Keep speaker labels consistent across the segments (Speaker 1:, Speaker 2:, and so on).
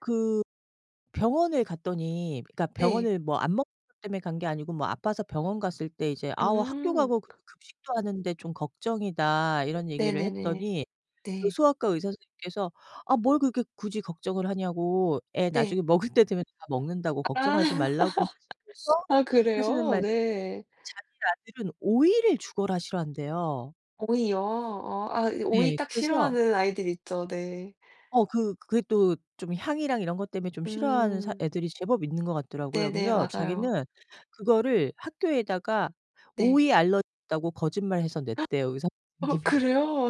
Speaker 1: 그 병원에 갔더니 그러니까
Speaker 2: 네.
Speaker 1: 병원을 뭐 안 먹는 것 때문에 간 게 아니고 뭐 아파서 병원 갔을 때 이제 "아오. 학교
Speaker 2: 음.
Speaker 1: 가고 급
Speaker 2: 크.
Speaker 1: 급식도 하는데 좀 걱정이다." 이런 얘기를
Speaker 2: 네네네.
Speaker 1: 했더니 그
Speaker 2: 네.
Speaker 1: 소아과 의사 선생님께서 "아 뭘 그렇게 굳이 걱정을 하냐."고 "애
Speaker 2: 네.
Speaker 1: 나중에 먹을 때 되면 다 먹는다."고
Speaker 2: 아.
Speaker 1: "걱정하지 말라."고 하시면서
Speaker 2: 아.
Speaker 1: 하시는
Speaker 2: 그래요?
Speaker 1: 말씀이
Speaker 2: 네.
Speaker 1: 자기 아들은 오이를 죽어라 싫어한대요.
Speaker 2: 오이요? 어 아 오이
Speaker 1: 네.
Speaker 2: 딱
Speaker 1: 그래서
Speaker 2: 싫어하는 아이들 있죠. 네.
Speaker 1: 어. 그 그게 또 좀 향이랑 이런 것 때문에 좀 싫어하는 사
Speaker 2: 음.
Speaker 1: 애들이 제법 있는 것 같더라고요.
Speaker 2: 네네.
Speaker 1: 그래서
Speaker 2: 맞아요.
Speaker 1: 자기는 그거를 학교에다가
Speaker 2: 네.
Speaker 1: '오이 알러지 있다.'고 거짓말해서 냈대요 의사
Speaker 2: 어
Speaker 1: 선생님이.
Speaker 2: 그래요?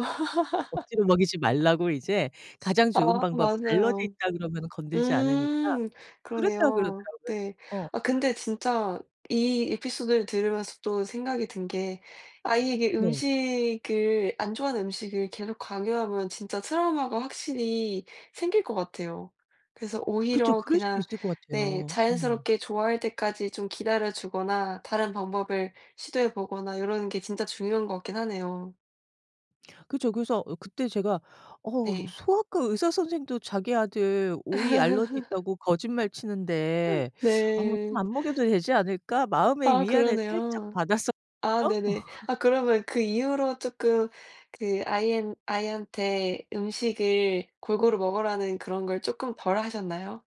Speaker 1: 억지로 먹이지 말라고 이제 가장 좋은
Speaker 2: 아.
Speaker 1: 방법 "알러지
Speaker 2: 맞아요.
Speaker 1: 있다." 그러면은 건들지 않으니까
Speaker 2: 음.
Speaker 1: 그랬다
Speaker 2: 그러네요.
Speaker 1: 그러더라고요.
Speaker 2: 네.
Speaker 1: 어.
Speaker 2: 아 근데 진짜 이 에피소드를 들으면서 또 생각이 든 게 아이에게
Speaker 1: 네.
Speaker 2: 음식을 안 좋아하는 음식을 계속 강요하면 진짜 트라우마가 확실히 생길 것 같아요. 그래서
Speaker 1: 그쵸.
Speaker 2: 오히려
Speaker 1: 그럴 수도
Speaker 2: 그냥
Speaker 1: 있을 것
Speaker 2: 네.
Speaker 1: 같아요. 음.
Speaker 2: 자연스럽게 좋아할 때까지 좀 기다려 주거나 다른 방법을 시도해 보거나 요러는 게 진짜 중요한 거 같긴 하네요.
Speaker 1: 그쵸. 그래서 으 그때 제가 '어 어
Speaker 2: 네.
Speaker 1: 소아과 의사 선생도 자기 아들 오이 알러지 있다고 거짓말 치는데 어 뭐 좀
Speaker 2: 네.
Speaker 1: 안 먹여도 되지 않을까?' 마음의
Speaker 2: 아.
Speaker 1: 위안을 살짝
Speaker 2: 그러네요. 아.
Speaker 1: 받았었거든요?
Speaker 2: 네네. 아 그러면 그 이후로 쪼끔 그 아이엔 아이한테 음식을 골고루 먹으라는 그런 걸 쪼끔 덜 하셨나요?